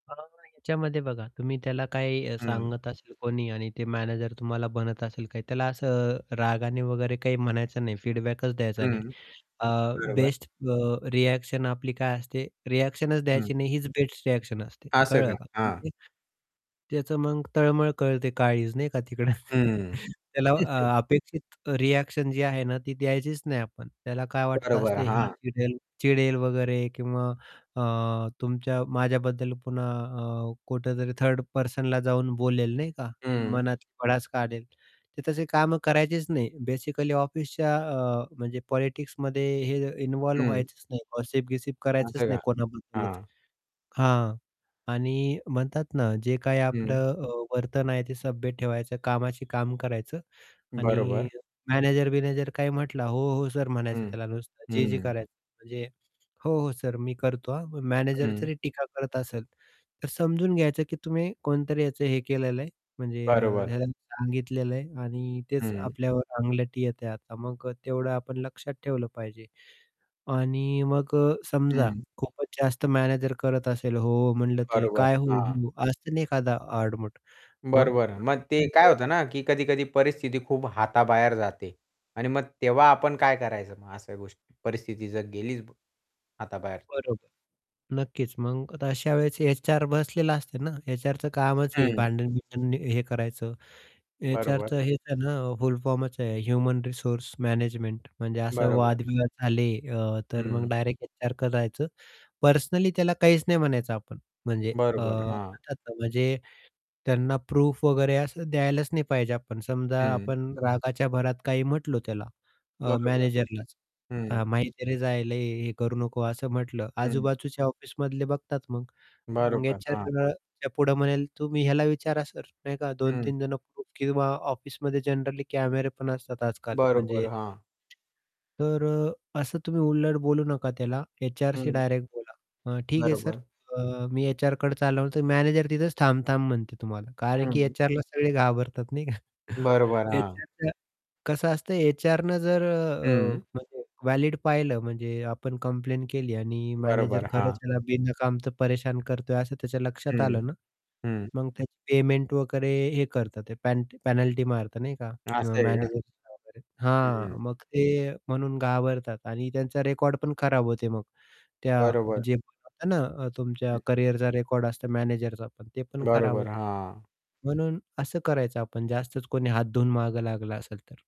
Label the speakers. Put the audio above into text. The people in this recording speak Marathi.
Speaker 1: अ, नाही याच्यामध्ये बघा तुम्ही त्याला काही
Speaker 2: हं.
Speaker 1: सांगत असेल कोणी आणि ते मॅनेजर तुम्हाला बनत असेल काही त्याला असं रागाने वगैरे काही म्हणायचं नाही, फीडबॅकच द्यायचा नाही.
Speaker 2: हं.
Speaker 1: अ,
Speaker 2: बरोबर.
Speaker 1: बेस्ट अ, रिएक्शन आपली काय असते रिएक्शन
Speaker 2: हं.
Speaker 1: द्यायची नाही हीच बेस्ट रिएक्शन असते.
Speaker 2: असं का?
Speaker 1: कळलं का?
Speaker 2: हां.
Speaker 1: [unintelligible] त्याचं मग तळमळ कळते, काळीज नाही का तिकडं.
Speaker 2: हं.
Speaker 1: त्याला अ अपेक्षित रिएक्शन जी आहे ना, ती द्यायचीच नाही आपण. त्याला काय वाटतं
Speaker 2: बरोबर,
Speaker 1: असते "हा"
Speaker 2: हां.
Speaker 1: "चिडेल चिडेल वगैरे किंवा अ, तुमच्या माझ्याबद्दल पुन्हा अ, कुठेतरी थर्ड पर्सनला जाऊन बोलेल नाही का,
Speaker 2: हं.
Speaker 1: मनातली भडास काढेल." ते तसे कामं करायचीच नाही बेसिकली ऑफिसच्या अ, म्हणजे पॉलिटिक्समध्ये हे इन्व्हॉल्व
Speaker 2: हं.
Speaker 1: व्हायचंच नाही. गॉसिप-बिसिप करायचंच
Speaker 2: असं
Speaker 1: नाही
Speaker 2: का?
Speaker 1: कोणाबद्दलच.
Speaker 2: हां
Speaker 1: हां. आणि म्हणतात ना जे काही
Speaker 2: हं.
Speaker 1: आपलं अ, वर्तन आहे ते सभ्य ठेवायचं, कामाची काम करायचं आणि
Speaker 2: बरोबर.
Speaker 1: मॅनेजर-बिनेजर काय म्हटला "हो, हो, सर" म्हणायचं
Speaker 2: हं,
Speaker 1: त्याला नुसतं जे-जे
Speaker 2: हं.
Speaker 1: करायचं म्हणजे "हो, हो सर मी करतो हां." मॅनेजर
Speaker 2: हं.
Speaker 1: जरी टीका करत असेल, तर समजून घ्यायचं की तुम्ही कोणतरी याचं हे केलेलं आहे म्हणजे अ,
Speaker 2: बरोबरं.
Speaker 1: ह्याला सांगितलेलं आहे आणि तेच
Speaker 2: हं.
Speaker 1: आपल्यावर अंगलटी येतेय आता, मग तेवढं आपण लक्षात ठेवलं पाहिजे. आणि मग अ, समजा
Speaker 2: हं.
Speaker 1: खूपच जास्त मॅनेजर करत असेल "हो, हो" म्हणलं तरी.
Speaker 2: बरोबर.
Speaker 1: "काय" "हो,
Speaker 2: हां.
Speaker 1: हो?" असत ना एखादा आडमट. मग
Speaker 2: बरोबर. मग ते काय
Speaker 1: [unintelligible]
Speaker 2: होतं ना की कधी-कधी परिस्थिती खूप हाताबाहेर जाते. आणि मग तेव्हा आपण काय करायचं मग अशा गोष्टी परिस्थिती जर गेलीच हाताबाहेर?
Speaker 1: बरोबर. नक्कीच मग अशा वेळेस एचआर बसलेला असते ना, एचआरच कामच आहे
Speaker 2: हं.
Speaker 1: भांडण बिंडण हे करायचं.
Speaker 2: बरोबर.
Speaker 1: एचआरच हेच आहे ना फुल फॉर्मच आहे ह्युमन रिसोर्स मॅनेजमेंट म्हणजे असं
Speaker 2: बरोबर.
Speaker 1: वादविवाद झाले अ, तर मग
Speaker 2: हं.
Speaker 1: डायरेक्ट एचआरकडे जायचं. पर्सनली त्याला काहीच नाही म्हणायचं आपण म्हणजे अ,
Speaker 2: बरोबर. हां.
Speaker 1: म्हणतात ना म्हणजे त्यांना प्रूफ वगैरे असं द्यायलाच नाही पाहिजे आपण. समजा
Speaker 2: हं.
Speaker 1: आपण रागाच्या भरात काही म्हटलो त्याला अ,
Speaker 2: बरोबर.
Speaker 1: मॅनेजरलाच
Speaker 2: हं
Speaker 1: अ, "माहिती आहे रे जायला हे करू नको" असं म्हटलं
Speaker 2: हं.
Speaker 1: आजूबाजूच्या ऑफिसमधले बघतात मग. मग
Speaker 2: बरोबर.
Speaker 1: एचआर
Speaker 2: हां.
Speaker 1: [unintelligible] पुढे म्हणेल, "तुम्ही ह्याला विचारा सर," नाही का दोन
Speaker 2: हं.
Speaker 1: तीन जण किंवा ऑफिसमध्ये जनरली कॅमेरे पण असतात आज-काल
Speaker 2: बरोबर.
Speaker 1: म्हणजे.
Speaker 2: हां.
Speaker 1: तर अ, असं तुम्ही उलट बोलू नका त्याला एचआरशी
Speaker 2: हं.
Speaker 1: डायरेक्ट बोला अ, "ठीक आहे सर
Speaker 2: बरोबर.
Speaker 1: अ, मी एचआरकडे चालवतो," मॅनेजर तिथेच थांब-थांब म्हणते तुम्हाला. कारण की
Speaker 2: हं.
Speaker 1: एचआरला सगळे घाबरतात नाही का.
Speaker 2: बरोबर, हां.
Speaker 1: एचआर कसं असतं एचआरन जर अ,
Speaker 2: हं.
Speaker 1: अ, [unintelligible] वॅलीड पाहिलं म्हणजे आपण कंप्लेंट केली आणि मॅनेजर
Speaker 2: बरोबर,
Speaker 1: खरंच
Speaker 2: हां.
Speaker 1: त्याला बिनकामच परेशान करतोय असं त्याच्या लक्षात
Speaker 2: हं,
Speaker 1: आलं ना,
Speaker 2: हं.
Speaker 1: मग त्याची पेमेंट वगैरे हे करतात ते पेन पेनल्टी मारतात नाही का
Speaker 2: असं आहे का?
Speaker 1: मॅनेजर वगैरे,
Speaker 2: हं.
Speaker 1: हां, मग ते म्हणून घाबरतात आणि त्यांचा रेकॉर्ड पण खराब होते मग. त्या
Speaker 2: बरोबर.
Speaker 1: जे होतं ना, तुमच्या
Speaker 2: हं.
Speaker 1: करियरचा रेकॉर्ड असतो मॅनेजरचा पण ते पण खराब
Speaker 2: बरोबर,
Speaker 1: होते.
Speaker 2: हां.
Speaker 1: म्हणून असं करायचं आपण जास्तच कोणी हात धुवून मागे लागला असेल तर.